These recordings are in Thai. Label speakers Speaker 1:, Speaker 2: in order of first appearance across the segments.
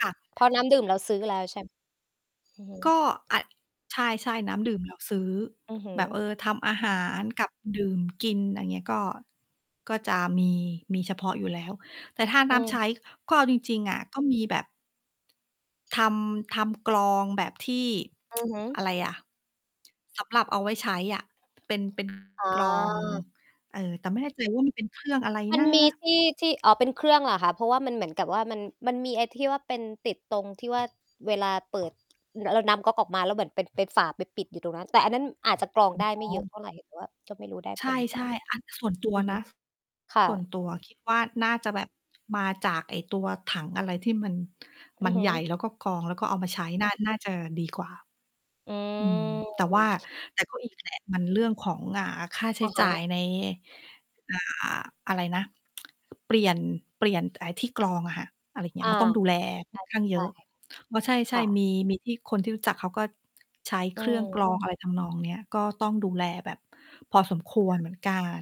Speaker 1: ค่ะ
Speaker 2: เพราะน้ำดื่มเราซื้อแล้ว ใช่ อือฮ
Speaker 1: ก
Speaker 2: ึ
Speaker 1: ็ อา ใช่ ๆ น้ำดื่มเราซื้อ
Speaker 2: อือฮึ
Speaker 1: แบบ เออ ทำอาหารกับดื่มกิน ไรอย่างเงี้ย ก็ ก็จะมี มีเฉพาะอยู่แล้ว แต่ถ้า
Speaker 2: อ
Speaker 1: น
Speaker 2: ื
Speaker 1: ้ำใ
Speaker 2: ม
Speaker 1: ช้ ก็เอาจริง ๆ อะ ก็มีแบบ ทำ ทำกรองแบบที่
Speaker 2: อือฮึ
Speaker 1: อะไรอะ? สำหรับเอาไว้ใช้อะ เป็น เป็น
Speaker 2: อ๋อ
Speaker 1: กรอง เอ่อ แต่ไม่แน่ใจว่ามันเป็นเครื่องอะไร
Speaker 2: มั
Speaker 1: น
Speaker 2: น
Speaker 1: ะ?
Speaker 2: มีที่ ที่ อ๋อ เป็นเครื่องเหรอคะ? เพราะว่ามันเหมือนกับว่ามัน มันมีไอ้ที่ว่าเป็นติดตรงที่ว่า เวลาเปิด อือ เออ น้ำก๊อกออกมาแล้วเหมือนเป็น เป็นฝาไปปิดอยู่ตรงนั้น แต่อันนั้นอาจจะกรอง
Speaker 1: อ
Speaker 2: ได้
Speaker 1: อ๋
Speaker 2: ไม่เยอ
Speaker 1: อ
Speaker 2: ะเท่าไร แต่ว่าก็ไม่รู้ได้
Speaker 1: ใช
Speaker 2: ผลหรือเปล่า
Speaker 1: ่ ๆ อันนี้ ส่วนตัว
Speaker 2: อือฮ
Speaker 1: น
Speaker 2: ึ
Speaker 1: ะ
Speaker 2: ค่
Speaker 1: ส่วน
Speaker 2: ะ
Speaker 1: ตัวคิดว่าน่าจะแบบมาจากไอ้ตัวถังอะไรที่มัน
Speaker 2: อ
Speaker 1: ม
Speaker 2: ื
Speaker 1: ั
Speaker 2: อ
Speaker 1: น
Speaker 2: ฮ
Speaker 1: ใ
Speaker 2: ึ
Speaker 1: หญ่ แล้วก็กรอง แล้วก็เอามาใช้น่า น่าจะดีกว่า
Speaker 2: อื
Speaker 1: อืม แต่ว่
Speaker 2: ม
Speaker 1: า แต่ ก็อีกแหละ มันเรื่องของ อ่า ค่าใช
Speaker 2: อ
Speaker 1: ้
Speaker 2: ะฮ
Speaker 1: จ่า
Speaker 2: ะ
Speaker 1: ยใน อ่า อะไรนะ เปลี่ยน เปลี่ยนไอ้ที่กรองอะค่ะ อะไรเงี
Speaker 2: อ
Speaker 1: ้ย
Speaker 2: า
Speaker 1: มันต้องดู
Speaker 2: น
Speaker 1: แล
Speaker 2: ่
Speaker 1: ค่อน
Speaker 2: า
Speaker 1: ข้
Speaker 2: จ
Speaker 1: า
Speaker 2: ะ
Speaker 1: งเ
Speaker 2: ใ
Speaker 1: ย
Speaker 2: ช
Speaker 1: อ
Speaker 2: ่
Speaker 1: ะ อ้อ ใ
Speaker 2: ค
Speaker 1: ช่
Speaker 2: ่ะ
Speaker 1: ๆ มี มีที่ คนที่รู้จักเขาก็ใช้
Speaker 2: อื
Speaker 1: เครื่องกร
Speaker 2: ม
Speaker 1: องอะไรทำนองเนี้ย ก็ต้องดูแลแบบพอสมคว
Speaker 2: ค
Speaker 1: ร
Speaker 2: ่ะ
Speaker 1: เหมือนกัน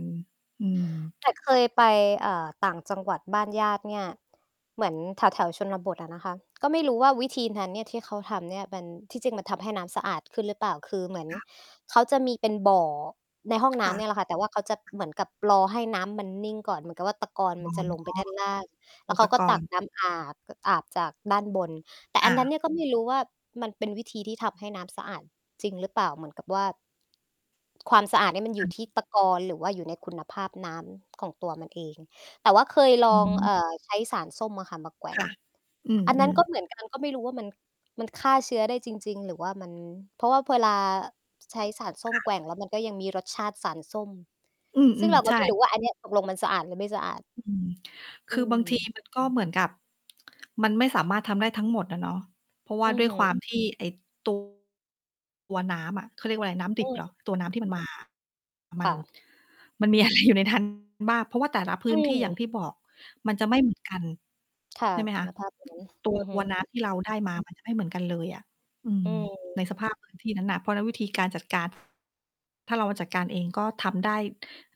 Speaker 1: อืม
Speaker 2: แต่เคยไป เอ่อ ต่างจังหวัดบ้านญาติเนี่ย เหมือนแถว ๆ ชนบทอะนะคะ ก็ไม่รู้ว่าวิธีนั้นเนี่ย ที่เขาทำเนี่ย มัน ที่จริงมันทำให้น้ำสะอาดขึ้นหรือเปล่า? คือเหมือน
Speaker 1: ค่ะ
Speaker 2: เขาจะมีเป็นบ่อ ในห้องน
Speaker 1: ค
Speaker 2: ้
Speaker 1: ่ะ
Speaker 2: ำเนี่ยแหละค่ะ แต่ว่าเขาจะเหมือนกับรอให้น้ำมันนิ่งก่อน เหมือนกับว่าตะกอน
Speaker 1: อ๋อ
Speaker 2: มันจะลงไปด้านล่าง แล้
Speaker 1: อุ
Speaker 2: วเข
Speaker 1: ป
Speaker 2: าก็
Speaker 1: ก
Speaker 2: ตั
Speaker 1: ร
Speaker 2: ก
Speaker 1: ณ์
Speaker 2: น้ำอาบ ก็อาบจากด้านบน แต่
Speaker 1: อ
Speaker 2: อันนั้น
Speaker 1: า
Speaker 2: เนี่ย ก็ไม่รู้ว่ามันเป็นวิธีที่ทำให้น้ำสะอาดจริงหรือเปล่า? เหมือนกับว่า ความสะอาดนี่มัน
Speaker 1: ค
Speaker 2: อยู
Speaker 1: ่
Speaker 2: ่
Speaker 1: ะ
Speaker 2: ที่ตะกอน หรือว่าอยู่ในคุณภาพน้ำของตัวมันเอง แต่ว่าเคยล
Speaker 1: อ
Speaker 2: อง
Speaker 1: ื
Speaker 2: เอ
Speaker 1: ม
Speaker 2: ่อ ใช้สารส้มอะค่ะมาแกว่
Speaker 1: ค
Speaker 2: ง
Speaker 1: ่ะ อื
Speaker 2: อันนั้น
Speaker 1: ม
Speaker 2: ก็
Speaker 1: ๆ
Speaker 2: เหมือน กัน ก็ไม่รู้ว่ามัน มันฆ่าเชื้อได้จริง ๆ หรือว่ามัน เพราะว่า พ เวลาใช้สารส
Speaker 1: ค
Speaker 2: ้ม
Speaker 1: ่
Speaker 2: แก
Speaker 1: ะ
Speaker 2: ว่งแล้วมันก็ยังมีรสชาติสารส้ม
Speaker 1: อื
Speaker 2: ซึ่ง
Speaker 1: ม
Speaker 2: เรา
Speaker 1: ๆ
Speaker 2: ก
Speaker 1: ใช
Speaker 2: ็ไม่
Speaker 1: ่
Speaker 2: รู้ว่าอันเนี้ย ตกลงมันสะอาดหรือไม่สะอาด
Speaker 1: อืม ค
Speaker 2: อื
Speaker 1: ือบาง ที
Speaker 2: ม
Speaker 1: มัน ก็เหมือนกับมันไม่สามารถทำได้ทั้งหมดอะเนาะ เพราะว่า
Speaker 2: อือ
Speaker 1: ด้วย
Speaker 2: ฮึ
Speaker 1: ความที่ไอ้ ตัว ตัวน้ำอะ เขาเรียกว่าไร น้ำด
Speaker 2: อ
Speaker 1: ิบ
Speaker 2: ื
Speaker 1: เห
Speaker 2: ม
Speaker 1: รอ? ตัวน้ำที่มันมาอะ ม
Speaker 2: ค
Speaker 1: ัน
Speaker 2: ่ะ
Speaker 1: มันมีอะไรอยู่ใน นั้น บ้าง เพราะว่าแต่ละพ
Speaker 2: อ
Speaker 1: ื
Speaker 2: ื
Speaker 1: ้นที่อย่าง
Speaker 2: ม
Speaker 1: ที่บอก มันจะไม่เหมือนกัน
Speaker 2: ค่ะ
Speaker 1: ใช่ไหม
Speaker 2: ค
Speaker 1: ค
Speaker 2: ุ
Speaker 1: ะ
Speaker 2: ณภาพ ตรงนั้น
Speaker 1: ตัว
Speaker 2: อือฮ
Speaker 1: ต
Speaker 2: ึ
Speaker 1: ัวน้ำที่เราได้มา มันจะ ไม่เหมือนกันเลยอะ อื
Speaker 2: อื
Speaker 1: ม ใน
Speaker 2: ม
Speaker 1: สภาพพื้นที่ นั้นน่ะ เพราะนั้นวิธีการจัดการ ถ้าเรามาจัดการเองก็ทำได้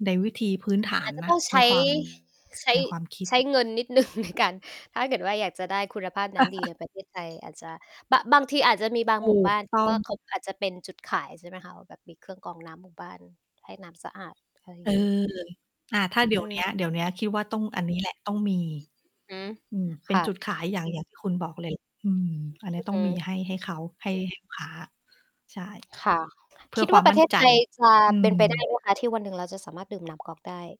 Speaker 1: ในวิธีพื้นฐา
Speaker 2: อา
Speaker 1: น
Speaker 2: จจะ
Speaker 1: น
Speaker 2: ต
Speaker 1: ะ
Speaker 2: ้องใช
Speaker 1: ใน
Speaker 2: ้
Speaker 1: ความ
Speaker 2: ใช้
Speaker 1: ในความคิด
Speaker 2: ใช้เงินนิด หนึ่ง ในการ ถ้าเกิดว่าอยากจะได้คุณภาพน้ำดีใน ประเทศ ไทย อาจจะ บ บางทีอาจจะมีบา
Speaker 1: ถ
Speaker 2: งหมู
Speaker 1: ู
Speaker 2: ่บ
Speaker 1: ก
Speaker 2: ้าน ท
Speaker 1: ต
Speaker 2: ี
Speaker 1: ้
Speaker 2: ่
Speaker 1: อ
Speaker 2: ว
Speaker 1: ง
Speaker 2: ่า เขา
Speaker 1: ค
Speaker 2: อ
Speaker 1: ่ะ
Speaker 2: าจจะเป็นจุดขาย ใช่ไหมคะ ว่าแบบมีเครื่องกรองน้ำหมู่บ้านให้น้ำสะอาด อะไรอย
Speaker 1: เ
Speaker 2: ่
Speaker 1: อ
Speaker 2: า
Speaker 1: อ
Speaker 2: งงี้
Speaker 1: อา ถ้าเดี๋
Speaker 2: อื
Speaker 1: ยวเนี้ย เดี
Speaker 2: ม
Speaker 1: ๋ยวเนี้ย คิดว่าต้องอันนี้แหละ ต้องมี
Speaker 2: ฮึ
Speaker 1: อืม เป
Speaker 2: ค
Speaker 1: ็น
Speaker 2: ่ะ
Speaker 1: จุดขายอย่าง อย่างที่คุณบอกเลย อืม อันนี
Speaker 2: อ
Speaker 1: ้
Speaker 2: ือ
Speaker 1: ต้
Speaker 2: ฮ
Speaker 1: องมี
Speaker 2: ึ
Speaker 1: ให้ ให้เขา ให้ ลูก ค้า ใช่
Speaker 2: ค่ะ
Speaker 1: เพื่
Speaker 2: ค
Speaker 1: อ
Speaker 2: ิด
Speaker 1: ค
Speaker 2: ว
Speaker 1: ว
Speaker 2: ่
Speaker 1: า
Speaker 2: า
Speaker 1: ม
Speaker 2: ป
Speaker 1: ม
Speaker 2: ร
Speaker 1: ั
Speaker 2: ะ
Speaker 1: ่
Speaker 2: เ
Speaker 1: น
Speaker 2: ทศ
Speaker 1: ใจ
Speaker 2: ไทย จะ
Speaker 1: อื
Speaker 2: เป็
Speaker 1: ม
Speaker 2: นไป ได้ไหม คะ ที่วันหนึ่งเราจะสามารถดื่มน้ำก๊อกได้?